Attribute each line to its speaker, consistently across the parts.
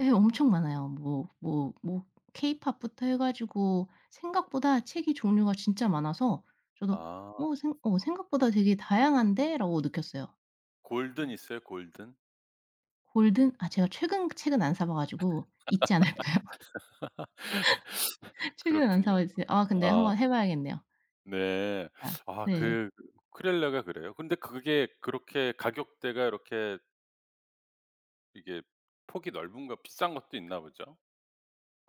Speaker 1: 예 엄청 많아요. 뭐 뭐 뭐 케이팝부터 해 가지고 생각보다 책이 종류가 진짜 많아서 저도
Speaker 2: 아.
Speaker 1: 어 생 '어 생각보다 되게 다양한데?'라고 느꼈어요. 어.
Speaker 2: 골든 있어요, 골든?
Speaker 1: 골든? 아 제가 최근 책은 안 사 봐가지고 있지 않을까요? 책은 안 사
Speaker 2: 그렇군요.
Speaker 1: 봐 이제 아 근데
Speaker 2: 아.
Speaker 1: 한번 해 봐야겠네요.
Speaker 2: 네.
Speaker 1: 아.
Speaker 2: 아
Speaker 1: 네.
Speaker 2: 그 우쿨렐레가 그래요? 근데 그게 그렇게 가격대가 그렇게 이게 폭이 넓은가 비싼 것도 있나 보죠?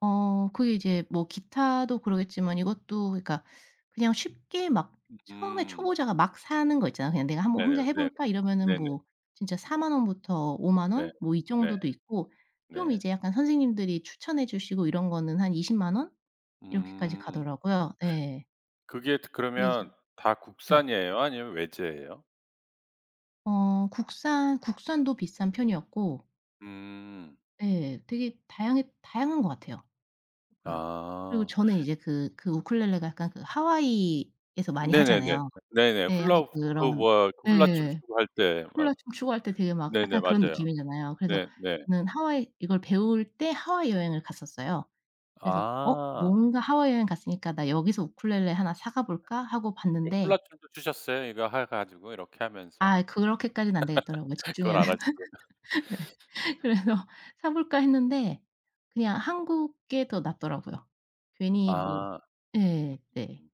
Speaker 1: 어. 그게 이제 뭐 기타도 그러겠지만 이것도 그니까 그냥 쉽게 막 처음에
Speaker 2: 음.
Speaker 1: 초보자가 막 사는 거 있잖아요. '그냥 내가 한번 혼자
Speaker 2: 네네.
Speaker 1: 해
Speaker 2: 네.
Speaker 1: 볼까?' 이러면은
Speaker 2: 네네.
Speaker 1: 뭐 진짜 40,000 원부터 50,000
Speaker 2: 네.
Speaker 1: 원 뭐 이
Speaker 2: 네.
Speaker 1: 정도도 있고 좀
Speaker 2: 네.
Speaker 1: 이제 약간 선생님들이 추천해 주시고 이런 거는 한 200,000 원 이렇게까지
Speaker 2: 음.
Speaker 1: 가더라고요. 예.
Speaker 2: 그게 트
Speaker 1: 근데 이제
Speaker 2: 그러면 다
Speaker 1: 네.
Speaker 2: 국산이에요 아니면 외제예요?
Speaker 1: 어 국산 국산도 비싼 편이었고
Speaker 2: 음.
Speaker 1: 예. 되게 다양해 다양한 것 같아요 보다. 그리고
Speaker 2: 아.
Speaker 1: 저는 이제 그 그 우쿨렐레가 약간 그 하와이에서 많이
Speaker 2: 네네네.
Speaker 1: 하잖아요.
Speaker 2: 네네.
Speaker 1: 예. 약간
Speaker 2: 훌라우 그
Speaker 1: 그런
Speaker 2: 뭐야 훌라춤
Speaker 1: 예.
Speaker 2: 추고할 때 막
Speaker 1: 훌라춤 추고할 때 되게 막
Speaker 2: 네네.
Speaker 1: 약간 그런
Speaker 2: 맞아요.
Speaker 1: 느낌이잖아요. 그래서
Speaker 2: 네 네.
Speaker 1: 저는 하와이 이걸 배울 때 하와이 여행을 갔었어요. 그래서 어
Speaker 2: 아.
Speaker 1: 뭔가 '하와이 여행을 갔으니까 나 여기서 우쿨렐레 1 사 가볼까?' 하고
Speaker 2: 이
Speaker 1: 봤는데
Speaker 2: 훌라춤도 추셨어요 이거 해 가지고 이렇게 하면서?
Speaker 1: 아 그렇게까지는 안되겠더라고요.
Speaker 2: 그건
Speaker 1: 집중해야 돼
Speaker 2: 안 하시고.
Speaker 1: 네. 그래서 사 볼까 했는데 그냥 한국 게 더 낫더라고요. 괜히 뭐
Speaker 2: 아.
Speaker 1: 예. 네.